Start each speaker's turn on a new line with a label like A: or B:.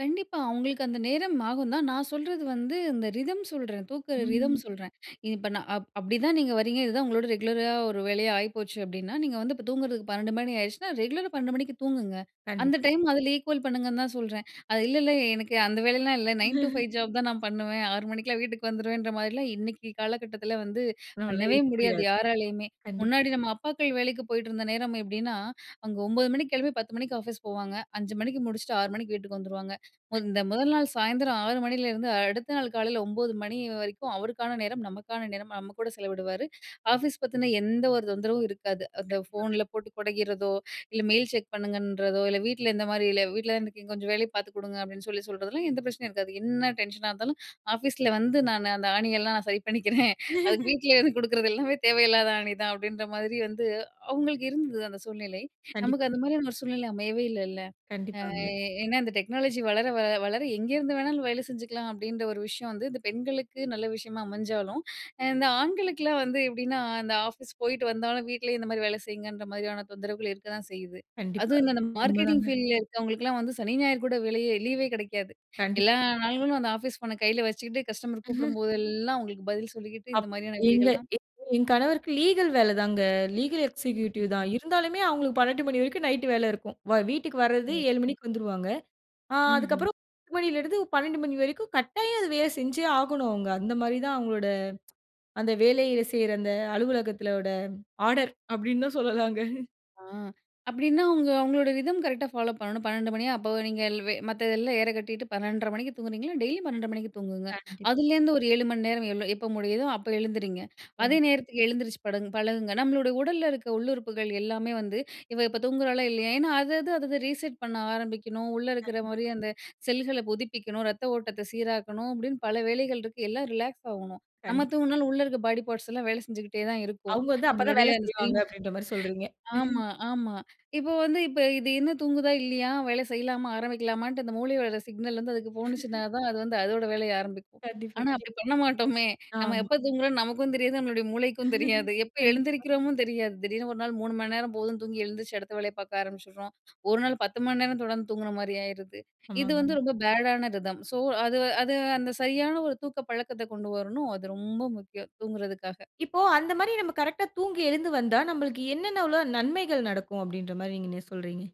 A: கண்டிப்பா. அவங்களுக்கு அந்த நேரம் ஆகும் தான். நான் சொல்றது வந்து இந்த ரிதம் சொல்றேன், தூங்குற ரிதம்
B: ம்.
A: சொல்றேன், இப்போ நான் அப் அப்படிதான் நீங்க வர்றீங்க இதுதான் உங்களோட ரெகுலரா ஒரு வேலையா ஆயிப்போச்சு அப்படின்னா, நீங்க வந்து இப்போ தூங்குறதுக்கு 12 மணி ஆயிடுச்சுனா, ரெகுலரா 12 மணிக்கு தூங்குங்க. அந்த
B: கண்டிப்பா.
A: டைம் அதில ஈக்குவல் பண்ணுங்கன்னு தான் சொல்றேன். அது இல்ல, இல்ல எனக்கு அந்த வேலையெல்லாம் இல்ல. 9 டு 5 ஜாப் தான் நான் பண்ணுவேன், 6 மணிக்கெல்லாம் வீட்டுக்கு வந்துருவேன்ற மாதிரிலாம் இன்னைக்கு காலகட்டத்தில வந்து
B: நம்மளால
A: பண்ணவே
B: இருக்க
A: முடியாது,
B: முடியாது.
A: யாராலேயுமே.
B: கண்டிப்பா.
A: முன்னாடி நம்ம அப்பாக்கள் வேலைக்கு போய்ட்டிருந்த நேரம் எப்படின்னா, அங்க 9 மணிக்கு கிளம்பி 10 மணிக்கு ஆஃபீஸ் போவாங்க. 5 மணிக்கு முடிச்சுட்டு 6 மணிக்கு வீட்டுக்கு வந்துருவாங்க.
B: கண்
A: இந்த முதல் நாள் சாயந்தரம் 6 மணிலேருந்து அடுத்த நாள் காலையில 9 மணி வரைக்கும் அவருக்கான நேரம், நமக்கான நேரம், நம்ம கூட செலவிடுவார். ஆஃபீஸ் பத்தீன்னா எந்த ஒரு தொந்தரவும் இருக்காது. அந்த
B: கண்டிப்பா. கண்
A: ஃபோனில போட்டு கொடைகிறதோ, இல்ல மெயில் செக் பண்ணுங்கன்றதோ, இல்ல வீட்டில இந்த மாரி இல்ல, "வீட்டில தான இருக்கிங்க கொஞ்சம் வேலைய பாத்துக் கொடுங்க" அப்படின்னு சொல்லி சொல்றதெல்லாம் எந்த பிரச்சனையும் இருக்காது. என்ன டென்ஷனா இருந்தாலும், ஆஃபீஸில வந்து நான் அந்த ஆணியெல்லாம் நான் சரி பண்ணிக்கிறேன். அது வீட்டிலேயே கொடுக்கறது எல்லாமே தேவையில்லாத ஆணி தான், அப்படின்ற மாரி வந்து. அவங்களுக்கு இருந்தது அந்த சூழ்நிலை,
B: கண்டிப்பா.
A: நமக்கு அந்த மாரியான ஒரு சூழ்நிலை அமையவே இல்லைல்ல. அ அ
B: கண்டிப்பாங்க.
A: ஏன்னா, இந்த டெக்னாலஜி வளர வ வளர எங்கேருந்து வேணாலும் வேலை செஞ்சுக்கலாம் அப்படின்ற ஒரு விஷயம் வந்து இந்த பெண்களுக்கு நல்ல விஷயமா அமைஞ்சாலும், அ இந்த ஆண்களுக்கெலாம் வந்து எப்படின்னா அந்த ஆஃபீஸ் போயிட்டு வந்தாலும், வீட்டிலேயே இந்த மாரி வேலை செய்யுங்கன்ற மாதிரியான தொந்தரவுகள் இருக்கதான் செய்யுது.
B: கண்டிப்பா.
A: அதுவும் இந்த மார்க்கெட்டிங்
B: உண்மைதாங்க.
A: ஃபீல்டில இருக்கிறவங்களுக்கெல்லாம், வந்து சனி ஞாயிறு கூட வேலையே லீவே கிடைக்காது.
B: கண்டிப்
A: எல்லா நாள்களும் அந்த ஆஃபீஸ் ஃபோனை கையில வச்சுக்கிட்டு, கஸ்டமர் கூப்பிடும் போதெல்லாம் அவங்களுக்கு பதில் சொல்லிக்கிட்டு, இந்த
B: அப்
A: மாரியான
B: எங்க
A: வேலைகள் தான்.
B: [unintelligible] என் கணவருக்கு லீகல் வேலை தாங்க. லீகல்
A: ம், ம்.
B: எக்ஸிக்யூட்டிவ் தான். இருந்தாலுமே அவுங்களுக்கு 12 மணி வரைக்கும் நைட் வேலை இருக்கும். வ வீட்டுக்கு வரது
A: ஓ!
B: 7 மணிக்கு வந்துருவாங்க. ஆ.
A: ம்ஹ்ம்.
B: அதுக்கப்புறம் 10 மணிலேருந்து 12 மணி வரைக்கும் கட்டாயம் அது வேலை செஞ்சே ஆகணும் அவங்க. அந்த மாதிரி தான் அவங்களோட, அந்த வேலையில செய்ற அந்த அலுவலகத்தோட ஆர்டர், அப்படின்னு தான் சொல்லலாங்க.
A: ஆ அப்படின்னா, அவங்க அவங்களோட ரிதம் கரெக்ட்டா ஃபாலோ பண்ணணும். 12 மணியா அப்போ நீங்க எல் வ மத்ததுதெல்லாம் ஏற கட்டிட்டு 12:30 மணிக்கு தூங்குனீங்களா டெய்லி 12.30 மணிக்கு தூங்குங்க.
B: கண்டிப்பா.
A: அதுலேருந்து ஒரு 7 மணிநேரம் எப்போ முடியுதோ அப்போ எழுந்துரிங்க. அதே
B: ம்.
A: நேரத்துக்கு எழுந்திரிச்சு படகுங் பழகுங்க. நம்மளுட உடல்ல இருக்கிற உள்ளுறுப்புகள் எல்லாமே வந்து இவள் இப்போ தூங்குறாளா? இல்லையா? ஏன்னா அது, அது அதை ரீசெட் பண்ண ஆரம்பிக்கணும், உள்ள இருக்குற
B: கண்டிப்
A: மாரி அந்த செல்களை புதுப்பிக்கணும், ரத்த ஓட்டத்தை சீராக்கணும், அப்படின்னு பல வேலைகள் இருக்கு. எல்லாம் ரிலாக்ஸ் ஆகணும். நம்ம
B: கண்டிப்பா.
A: தூங்குனாலும், உள்ளே இருக்கிற பாடி பார்ட்ஸ்லாம் வேலை செஞ்சுகிட்டே தான் இருக்கும்.
B: அவுங்க வந்து அப்ப தான்
A: நம்மளுடைய
B: வேலை
A: அந்த
B: செய்வாங்க,
A: சினிமா
B: அப்படின்ற மாரி சொல்றீங்க.
A: ஆமா, ஆமா. இப்போ வந்து இப்ப இது இன்னும் தூங்குதா? இல்லையா? வேலை செய்யலாமா? ஆரம்பிக்கலாமான்னுட்டு அந்த மூளையோட சிக்னல் வந்து அதுக்கு போனுச்சின்னா தான் அது வந்து அதோட வேலையை ஆரம்பிக்கும்.
B: கண்டிப்பா,
A: ஆனா,
B: கண்டிப்
A: அப்படி பண்ண மாட்டோமே! நம்ம
B: ஆமா.
A: எப்போ தூங்குறோம்னு நமக்கும் தெரியாது, நம்மளுடைய மூளைக்கும் தெரியாது. எப்போ
B: கண்டிப்பா.
A: எழுந்திரிக்கிறோமோ தெரியாது. திடீர்னு ஒரு நாள் 3 மணி நேரம் போதும்ன்னு தூங்கி எழுந்திரிச்சி, அடுத்த வேலைய பார்க்க ஆரம்பிச்சிடுறோம். ஒரு நாள் 10 மணி நேரம் தொடர்ந்து தூங்குன மாரி ஆயிருது. இது
B: ஆமாங்க.
A: வந்து ரொம்ப பேடான ரிதம். ஸோ, அது-அது அந்த சரியான ஒரு தூக்க பழக்கத்தை கொண்டு வரணும். அது ரொம்ப முக்கியம், தூங்குறதுக்காக.
B: இப்போ, அந்த மாரி நம்ம கரெக்ட்டா தூங்கி எழுந்து வந்தா, நமக்கு என்னென்னவுளா நன்மைகள் நடக்கும்? அப்படின்ற மாரி நீங்க என்ன சொல்றீங்க?